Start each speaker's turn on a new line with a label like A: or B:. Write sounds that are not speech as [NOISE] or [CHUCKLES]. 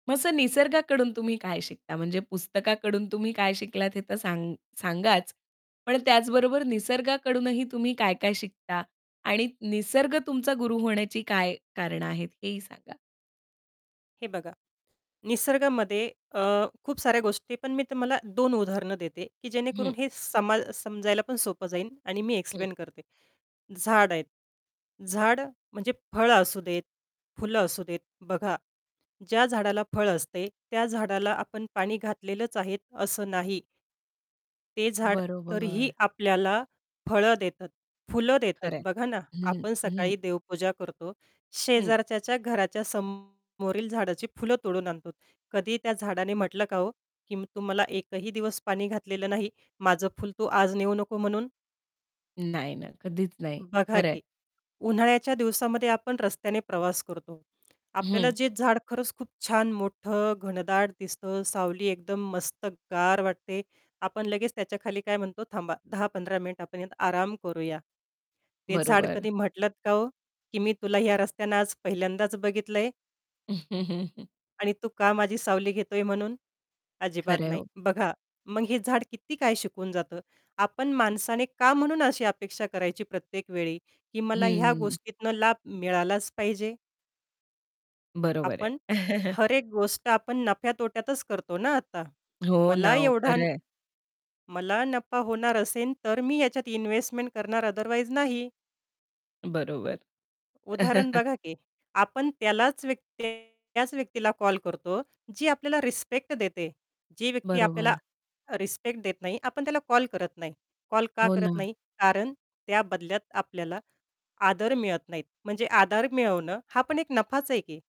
A: मग असं निसर्गाकडून तुम्ही काय शिकता, म्हणजे पुस्तकाकडून तुम्ही काय शिकलात हे तर सा सांगाच, पण त्याचबरोबर निसर्गाकडूनही तुम्ही काय-काय शिकता आणि निसर्ग तुमचा गुरु होण्याची काय कारणे आहेत हेही सांगा.
B: हे बघा. निसर्गामध्ये अ, खूप साऱ्या गोष्टी, पण मी तुम्हाला 2 उदाहरणं देते, की
A: हं.
B: जेणेकरून हे सम समजायला पण सोपं जाईल आणि मी
A: हं.
B: एक्सप्लेन करते. झाड आहेत. झाड म्हणजे फळं असू देत. फुलं असू देत. बघा. ज्या झाडाला फळं असते, त्या झाडाला आपण पाणी घातलेलंच आहे असं नाही. ते झाड तरीही
A: बरोबर.
B: आपल्याला फळं देतात, फुलं देतात.
A: खरं आहे.
B: बघा ना
A: हं,
B: आपण
A: हं.
B: सकाळी देवपूजा करतो,
A: हं.
B: शेजारच्याच्या घराच्या समोरील झाडाची फुलं तोडून आणतो. कधीही त्या झाडाने म्हटलं का हो, की "तु मला एकही दिवस पाणी घातलेलं नाही. माझं फुल तू आज नेऊ नको" म्हणून.
A: नाही, नाही, कधीच नाही.
B: बघा
A: खरं आहे.
B: की. उन्हाळ्याच्या दिवसामध्ये आपण रस्त्याने प्रवास करतो. आपल्याला
A: हं.
B: जे झाड खरंच खूप छान मोठं, घनदाट दिसतं, सावली एकदम मस्त गार वाटते. आपण लगेच त्याच्याखाली काय म्हणतो थांबा. 10-15 मिनिटं आपण यात आराम करूया. ते झाड
A: बरोबर.
B: कधी म्हटलंत का, ओ, की "मी तुला ह्या रस्त्यानं आज पहिल्यांदाच बघितलंय"
A: [CHUCKLES]
B: "आणि तू का माझी सावली घेतोय" म्हणून? अजिबात
A: खरं आहे
B: नाही.
A: हो.
B: बघा. मग हे झाड किती काय शिकून जातं. आपण माणसाने का म्हणून अशी अपेक्षा करायची प्रत्येक वेळी, की मला ह्या
A: हं.
B: गोष्टीतनं लाभ मिळालाच पाहिजे.
A: बरोबर आहे.
B: आपण
A: [CHUCKLES]
B: हर एक गोष्ट आपण नफ्या-तोट्यातच करतो ना आता.
A: हो ना
B: मला
A: हो.
B: एवढा
A: खरं आहे.
B: मला नफा होणार असेल, तर मी याच्यात इन्व्हेस्टमेंट करणार. ओथरवाईज नाही.
A: बरोबर.
B: उदाहरण
A: [CHUCKLES]
B: बघा, की आपण त्यालाच व्यक्ती त्याच व्यक्तीला कॉल करतो. जी आपल्याला रिस्पेक्ट देते. जी व्यक्ती आपल्याला
A: बरोबर.
B: रिस्पेक्ट देत नाही. आपण त्याला कॉल करत नाही. कॉल का
A: हो
B: करत
A: ना.
B: नाही? कारण त्या बदल्यात आपल्याला आदर मिळत नाही. म्हणजे आदर मिळवणं हा पण एक नफाच आहे की.